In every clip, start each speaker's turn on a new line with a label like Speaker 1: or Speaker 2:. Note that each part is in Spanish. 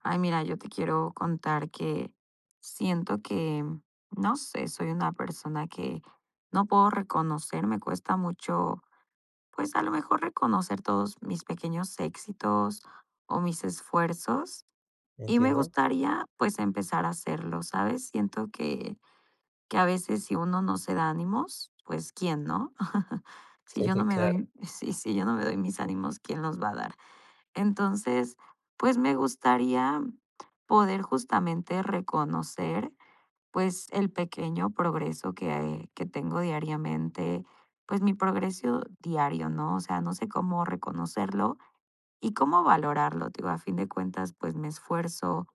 Speaker 1: Ay, mira, yo te quiero contar que siento que, mm, no sé, soy una persona que no puedo reconocer me cuesta mucho, pues, a lo mejor reconocer todos mis pequeños éxitos o mis esfuerzos. Y me
Speaker 2: Entiendo.
Speaker 1: gustaría, pues empezar a hacerlo, ¿sabes? Siento que, que a veces si uno no se da ánimos, pues quién, ¿no? Si yo no
Speaker 2: Sí,
Speaker 1: me
Speaker 2: claro.
Speaker 1: doy si si yo no me doy mis ánimos, ¿quién los va a dar? Entonces, pues me gustaría poder justamente reconocer, pues el pequeño progreso que, ah, eh, que tengo diariamente, pues mi progreso diario, ¿no? O sea, no sé cómo reconocerlo y cómo valorarlo. Te digo, a fin de cuentas, pues, me esfuerzo,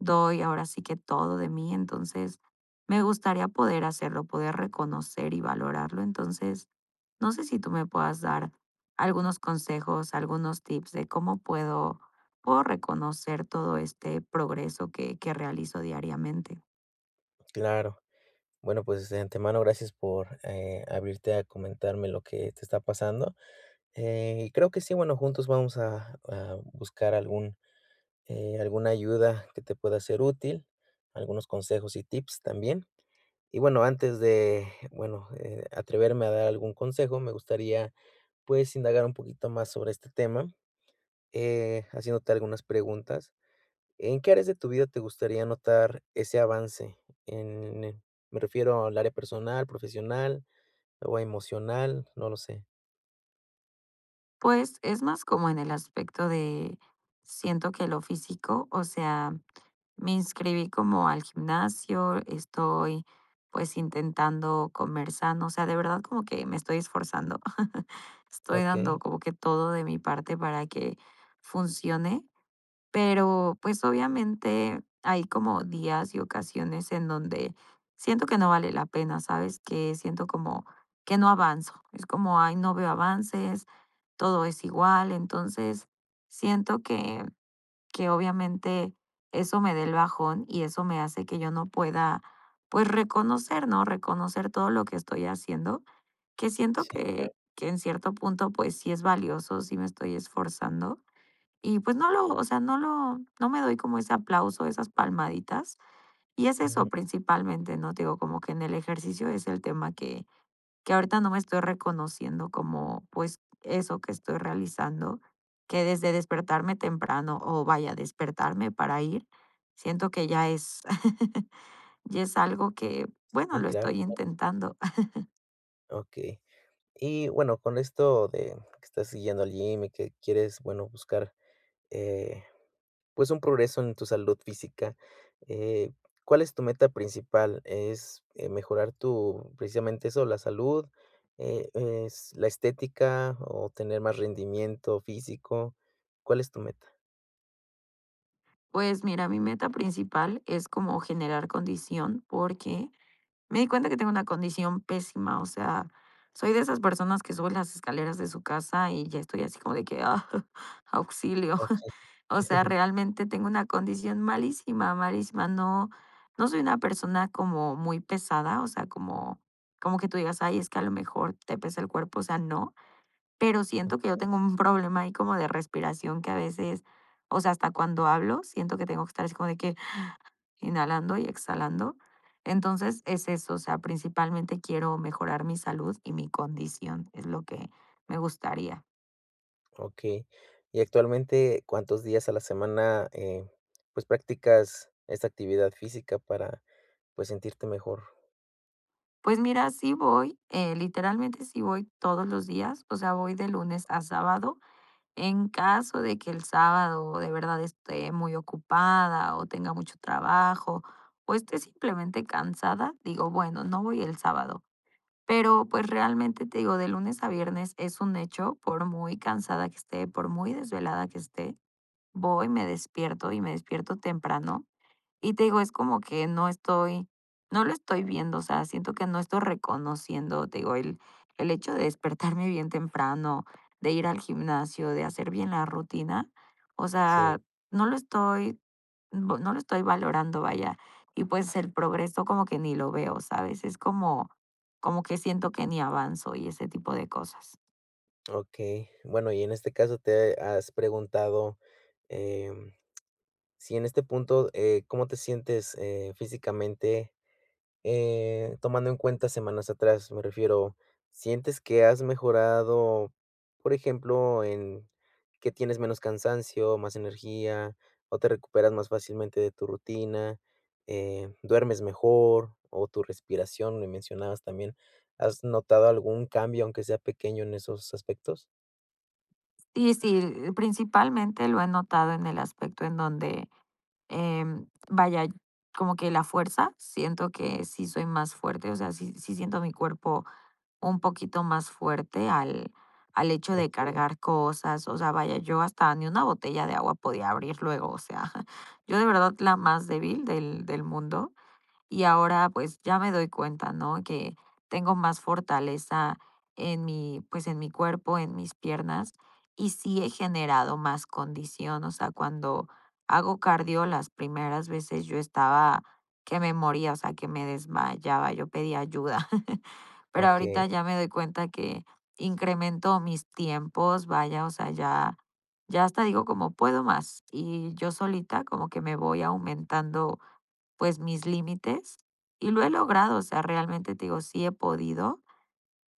Speaker 1: doy ahora sí que todo de mí. Entonces, me gustaría poder hacerlo, poder reconocer y valorarlo. Entonces, no sé si tú me puedas dar algunos consejos, algunos tips de cómo puedo, puedo reconocer todo este progreso que que realizo diariamente.
Speaker 2: Claro. Bueno, pues, de antemano, gracias por, eh, abrirte a comentarme lo que te está pasando. Eh, y creo que sí, bueno, juntos vamos a a buscar algún, eh, alguna ayuda que te pueda ser útil, algunos consejos y tips también. Y bueno antes de bueno, eh, atreverme a dar algún consejo me gustaría, pues, indagar un poquito más sobre este tema, eh, haciéndote algunas preguntas. ¿En qué áreas de tu vida te gustaría notar ese avance? En me refiero al área personal, profesional, o emocional, no lo sé.
Speaker 1: Pues, es más, como en el aspecto de siento que lo físico. O sea, me inscribí como al gimnasio, estoy, pues, intentando comenzando, o sea, de verdad como que me estoy esforzando. Estoy dando
Speaker 2: Okey.
Speaker 1: como que todo de mi parte para que funcione. Pero, pues, obviamente, hay como días y ocasiones en donde siento que no vale la pena, ¿sabes? Que siento como que no avanzo. Es como: "Ay, no veo avances, todo es igual". Entonces, siento que, que obviamente eso me da el bajón y eso me hace que yo no pueda, pues, reconocer, ¿no? Reconocer todo lo que estoy haciendo, que siento
Speaker 2: Sí, claro.
Speaker 1: que que en cierto punto, pues, sí es valioso, sí me estoy esforzando. Y, pues, no lo, o sea, no lo no me doy como ese aplauso, esas palmaditas. Y es eso
Speaker 2: Ujú.
Speaker 1: principalmente, ¿no? Te digo, como que en el ejercicio es el tema que que ahorita no me estoy reconociendo como, pues, eso que estoy realizando, que desde despertarme temprano, o, vaya, despertarme para ir, siento que ya es, ya es algo que, bueno,
Speaker 2: Sí,
Speaker 1: lo
Speaker 2: claro.
Speaker 1: estoy
Speaker 2: [unintelligible]
Speaker 1: intentando.
Speaker 2: Okey. Y bueno, con esto de que estás yendo al gym y que quieres, bueno, buscar, eh, pues, un progreso en tu salud física, eh, ¿cuál es tu meta principal? ¿Es, eh, mejorar tu, precisamente, eso, la salud? Eh, ¿es la estética, o tener más rendimiento físico? ¿Cuál es tu meta?
Speaker 1: Pues mira, mi meta principal es como generar condición, porque me di cuenta que tengo una condición pésima. O sea, soy de esas personas que suben las escaleras de su casa, y ya estoy así como de que: "Ah, auxilio".
Speaker 2: Okey.
Speaker 1: O sea, realmente tengo una condición malísima, malísima. No, no soy una persona como muy pesada, o sea, como como que tú digas: "Ay, es que a lo mejor te pesa el cuerpo", o sea, no. Pero siento que yo
Speaker 2: Okey.
Speaker 1: tengo un problema ahí como de respiración que a veces, o sea, hasta cuando hablo, siento que tengo que estar así como de que inhalando y exhalando. Entonces, es eso. O sea, principalmente quiero mejorar mi salud y mi condición, es lo que me gustaría.
Speaker 2: Okey, y actualmente, ¿cuántos días a la semana, eh, pues, practicas esta actividad física para, pues, sentirte mejor?
Speaker 1: Pues mira, sí voy, eh, literalmente sí voy todos los días. O sea, voy de lunes a sábado. En caso de que el sábado de verdad esté muy ocupada o tenga mucho trabajo. O esté simplemente cansada, digo: "Bueno, no voy el sábado". Pero, pues, realmente, te digo, de lunes a viernes es un hecho, por muy cansada que esté, por muy desvelada que esté, voy, me despierto y me despierto temprano. Y te digo, es como que no estoy no lo estoy viendo, o sea, siento que no estoy reconociendo, te digo, el el hecho de despertarme bien temprano, de ir al gimnasio, de hacer bien la rutina. O sea,
Speaker 2: Sí.
Speaker 1: no lo estoy, mm, p no lo estoy valorando, vaya. Y, pues, el progreso como que ni lo veo, ¿sabes? Es como, como que siento que ni avanzo y ese tipo de cosas.
Speaker 2: Okey, bueno y en este caso, ¿te has preguntado, em, si en este punto, eh, cómo te sientes, eh, físicamente? Eh, tomando en cuenta semanas atrás, me refiero, ¿sientes que has mejorado, por ejemplo, en que tienes menos cansancio, más energía, o te recuperas más fácilmente de tu rutina, eh, duermes mejor, o tu respiración, me mencionabas también, has notado algún cambio aunque sea pequeño en esos aspectos?
Speaker 1: Y, si. Eh, principalmente lo he notado en el aspecto en donde, em, vaya como que ¿la fuerza? siento que sí soy más fuerte. O sea, sí sí siento mi cuerpo un poquito más fuerte al al hecho de
Speaker 2: Okey.
Speaker 1: cargar cosas. O sea, vaya, yo hasta ni una botella de agua podía abrir luego, o sea. Yo de verdad la más débil del del mundo. Y ahora, pues, ya me doy cuenta, ¿no?, que tengo más fortaleza en mi, pues, en mi cuerpo, en mis piernas, y sí he generado más condición. O sea, cuando hago cardio, las primeras veces yo estaba que me moría, o sea, que me desmayaba. Yo pedía ayuda. Pero
Speaker 2: Okey.
Speaker 1: ahorita ya me doy cuenta que incremento mis tiempos, vaya, o sea, ya ya hasta digo como: "Puedo más", y yo solita como que me voy aumentando, pues, mis límites, y lo he logrado. O sea, realmente, te digo, sí he podido,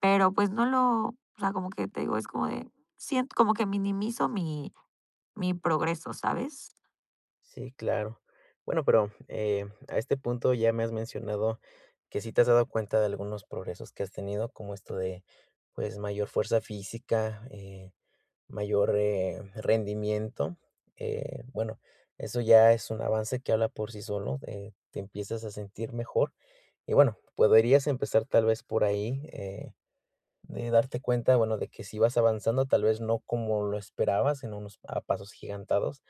Speaker 1: pero, pues no lo o sea, como que te digo, es como de siento como que minimizo mi mi progreso, ¿sabes?
Speaker 2: Sí, claro. Bueno, pero, eh, a este punto ya me has mencionado que sí te has dado cuenta de algunos progresos que has tenido, como esto de, pues, mayor fuerza física, eh, mayor, eh, rendimiento, eh, bueno, eso ya es un avance que habla por sí solo, eh, te empiezas a sentir mejor. Y, bueno, podrías empezar, tal vez, por ahí, eh, de darte cuenta, bueno, de que sí vas avanzando, tal vez, no como lo esperabas, en unos, ah, pasos agigantados,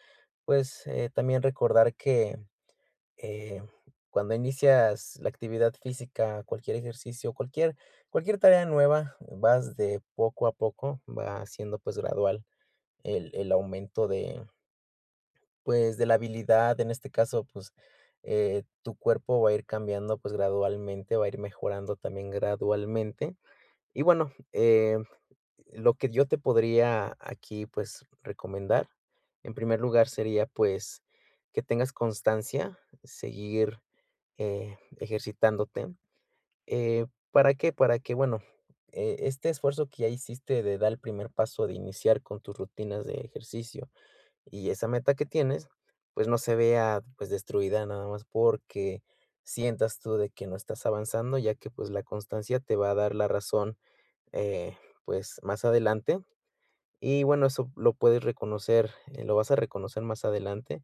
Speaker 2: pues, eh, también recordar que, mm, em, cuando inicias la actividad física, cualquier ejercicio, cualquier cualquier tarea nueva vas de poco a poco, va siendo, pues, gradual el el aumento de pues, de la habilidad en este caso, pues, eh, tu cuerpo va a ir cambiando, pues, gradualmente, va a ir mejorando también gradualmente. Y, bueno, em, lo que yo te podría aquí, pues, recomendar, en primer lugar, sería, pues, que tengas constancia, seguir, eh, ejercitándote, eh, ¿para qué? Para que, bueno, eh, este esfuerzo que ya hiciste de dar el primer paso de iniciar con tus rutinas de ejercicio y esa meta que tienes, pues, no se vea, pues, destruida nada más porque sientas tú de que no estás avanzando, ya que, pues, la constancia te va a dar la razón, eh, pues, más adelante. Y, bueno, eso lo puedes reconocer, eh, lo vas a reconocer más adelante,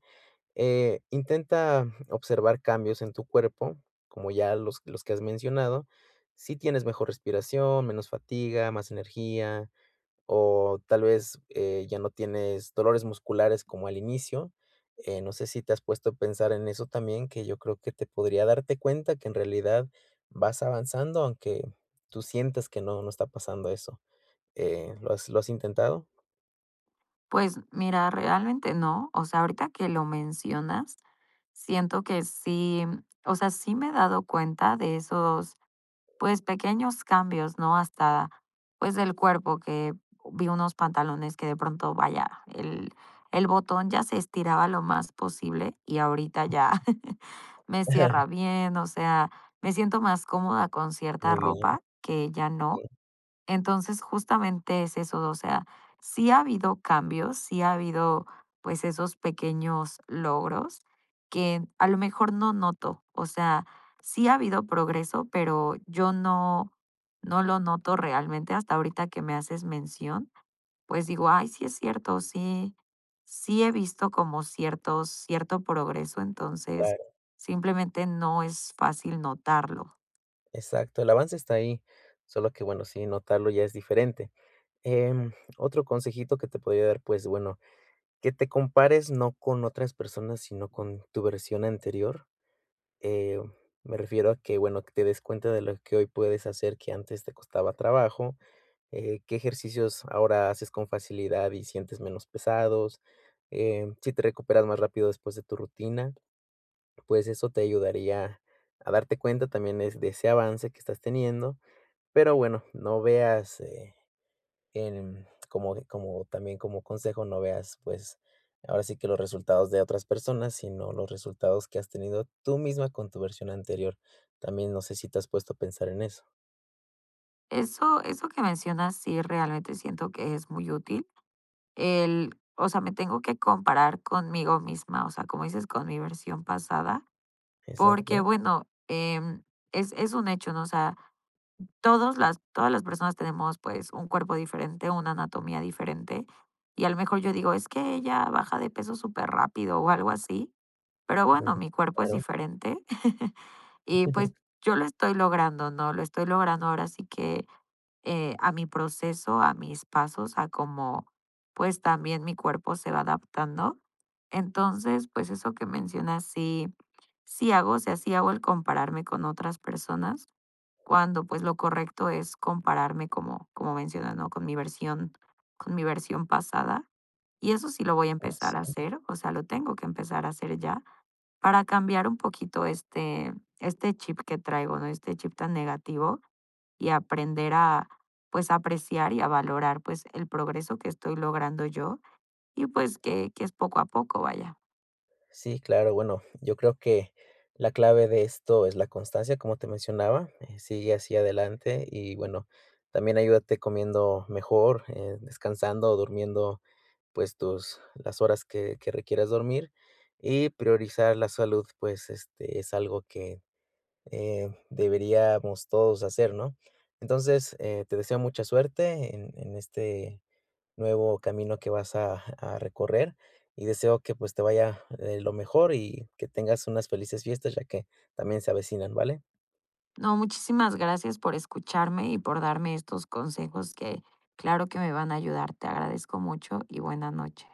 Speaker 2: eh, intenta observar cambios en tu cuerpo, como ya los los que has mencionado, si tienes mejor respiración, menos fatiga, más energía, o tal vez, eh, ya no tienes dolores musculares como al inicio, eh, no sé si te has puesto a pensar en eso también, que yo creo que te podría darte cuenta que en realidad vas avanzando, aunque tú sientas que no, no está pasando eso, eh, ¿lo has lo has intentado?
Speaker 1: Pues mira, realmente no, o sea, ahorita que lo mencionas, siento que sí, o sea, sí me he dado cuenta de esos, pues, pequeños cambios, ¿no? Hasta, pues, del cuerpo que, vi unos pantalones que de pronto, vaya, el, el botón ya se estiraba lo más posible y ahorita ya me cierra bien, o sea, me siento más cómoda con cierta
Speaker 2: Muy bien.
Speaker 1: ropa que ya no.
Speaker 2: [unintelligible]
Speaker 1: Entonces, justamente es eso, o sea, sí ha habido cambios, sí ha habido, pues, esos pequeños logros, que a lo mejor no noto, o sea, sí ha habido progreso, pero yo no, no lo noto realmente hasta ahorita que me haces mención, pues digo: "Ay, sí es cierto, sí, sí he visto como ciertos cierto progreso". Entonces
Speaker 2: Claro.
Speaker 1: simplemente no es fácil notarlo.
Speaker 2: Exacto, el avance está ahí, solo que bueno sí, notarlo ya es diferente, em, otro consejito que te podría dar, pues, bueno, que te compares no con otras personas, sino con tu versión anterior, eh, me refiero a que, bueno, que te des cuenta de lo que hoy puedes hacer que antes te costaba trabajo, eh, qué ejercicios ahora haces con facilidad y sientes menos pesados, em, si te recuperas más rápido después de tu rutina, pues eso te ayudaría a darte cuenta también es de ese avance que estás teniendo. Pero bueno, no veas, eh, en como de como también, como consejo, no veas, pues, ahora sí que los resultados de otras personas, sino los resultados que has tenido tú misma con tu versión anterior, también no sé si te has puesto a pensar en eso.
Speaker 1: Eso eso que mencionas sí realmente siento que es muy útil. El o sea, me tengo que comparar conmigo misma, o sea, como dices con mi versión pasada. Porque,
Speaker 2: Exacto.
Speaker 1: bueno, em, es es un hecho, ¿no?, o sea, todos las todas las personas tenemos, pues un cuerpo diferente, una anatomía diferente. Y a lo mejor yo digo: "Es que ella baja de peso superrápido" o algo así, pero
Speaker 2: Ujú,
Speaker 1: bueno,
Speaker 2: ujú.
Speaker 1: mi cuerpo es
Speaker 2: Claro.
Speaker 1: diferente y, pues, yo lo estoy logrando, ¿no?, lo estoy logrando ahora sí que, eh, a mi proceso, a mis pasos, a cómo pues también mi cuerpo se va adaptando. Entonces, pues eso que mencionas, sí sí hago, o sea, sí hago el compararme con otras personas cuando, pues lo correcto es compararme, como como mencionas, ¿no?, con mi versión con mi versión pasada. Y eso sí lo voy a empezar a
Speaker 2: [unintelligible]
Speaker 1: hacer, o sea, lo tengo que empezar a hacer ya, para cambiar un poquito este este chip que traigo, ¿no?, este chip tan negativo y aprender a, pues a apreciar y a valorar, pues el progreso que estoy logrando yo, y pues que que es poco a poco, vaya.
Speaker 2: Sí, claro. Bueno, yo creo que, la clave de esto es la constancia como te mencionaba, eh, sigue hacia adelante, y bueno, también ayúdate comiendo mejor, eh, descansando o durmiendo, pues tus las horas que que requieras dormir. Y priorizar la salud pues este es algo que, eh, deberíamos todos hacer, ¿no? Entonces, eh, te deseo mucha suerte en en este nuevo camino que vas a a recorrer y deseo que pues te vaya eh, lo mejor y que tengas unas felices fiestas ya que también se avecinan, ¿vale?
Speaker 1: No, muchísimas gracias por escucharme y por darme estos consejos que claro que me van a ayudar. Te agradezco mucho y buena noche.